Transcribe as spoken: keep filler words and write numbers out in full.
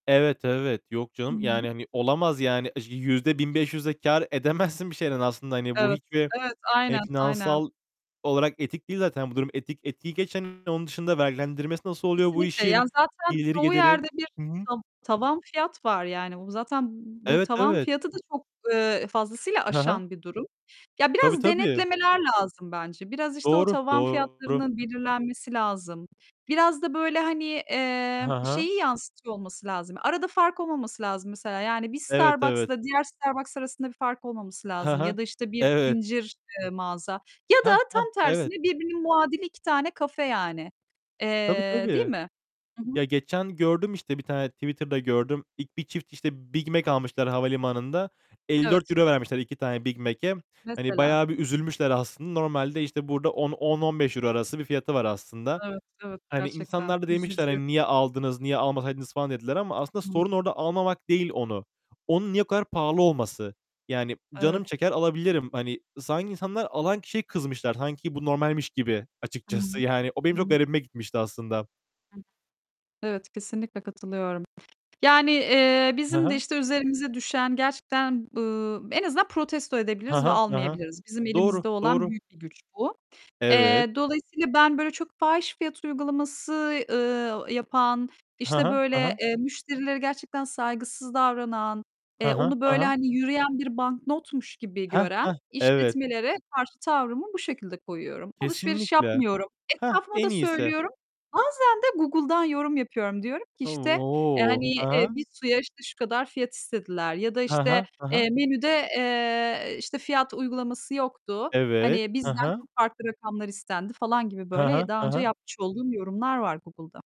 Evet evet. Yok canım. Hıı. Yani, hani olamaz yani. yüzde bin beş yüz de kâr edemezsin bir şeyden aslında. Hani bu Evet. hiçbir Evet. hani Aynen, aynen. finansal olarak etik değil zaten. Bu durum etik. Etiği geç hani, onun dışında vergilendirmesi nasıl oluyor bu Kesinlikle işin? ya zaten Gideri, çoğu geliri. yerde bir Hı hı. ta tavan fiyat var. Yani bu zaten bu Evet, tavan evet. fiyatı da çok, eee, fazlasıyla Hı hı. aşan bir durum. Ya Tabii, biraz tabii. denetlemeler lazım bence. Biraz işte o Doğru, tavan doğru. fiyatlarının belirlenmesi lazım. Biraz da böyle hani, Hı eee, hı. şeyi yanıstıyor olması lazım. Arada fark olmaması lazım mesela. Yani bir Evet, evet. Starbucks'la diğer Starbucks arasında bir fark olmaması Hı lazım ya hı. da işte bir Evet. zincir, eee, mağaza ya da Heh, heh. tam tersine Evet. birbirinin muadili iki tane kafe yani, Tabii eee, değil tabii. mi? Hı hı. Ya geçen gördüm işte, bir tane Twitter'da gördüm. İlk, bir çift işte BigMac almışlar havalimanında. Elli dört Evet. euro vermişler iki tane BigMac'e. Hani Mesela. bayağı bir üzülmüşler aslında. Normalde işte burada on, on, on beş euro arası bir fiyatı var aslında. Evet, evet Hani gerçekten insanlar da demişler, üzücü. hani niye aldınız, niye almasaydınız falan dediler ama aslında Hı. sorun orada almamak değil onu. Onun niye o kadar pahalı olması? Yani, Evet. canım çeker alabilirim. Hani, sanki insanlar alan kişiye kızmışlar. Sanki bu normalmiş gibi Hı açıkçası. hı. Yani o benim çok Hı. garibime gitmişti aslında. [unintelligible] Evet kesinlikle katılıyorum. Yani, eee, Hı bizim de hı. işte üzerimize düşen, gerçekten, ııı, en azından protesto Hı edebiliriz ve hı. Hı hı. almayabiliriz. Bizim Doğru, elimizde olan doğru. büyük bir güç bu. Evet. Eee, dolayısıyla ben böyle çok fahiş fiyat uygulaması, ııı, yapan, Hı işte hı. Hı böyle, hı. eee, müşterilere gerçekten saygısız davranan, Hı eee, hı. onu Hı böyle hı. hani yürüyen bir banknotmuş gibi Heh, gören heh, evet. işletmelere karşı tavrımı bu şekilde koyuyorum. Alışveriş Kesinlikle, yapmıyorum, heh, etrafıma da en iyisi. söylüyorum, bazen de Google'dan yorum yapıyorum. Diyorum ki işte, eee, O! hani, eee, Hı hı. bir suya işte şu kadar fiyat istediler ya da Hı işte, hı. Hı hı. eee, menüde, eee, işte fiyat uygulaması yoktu. Evet. Hani Hı bizden hı. çok farklı rakamlar istendi falan gibi Hı böyle hı. daha Hı önce hı. yapmış olduğum yorumlar var, Google'da.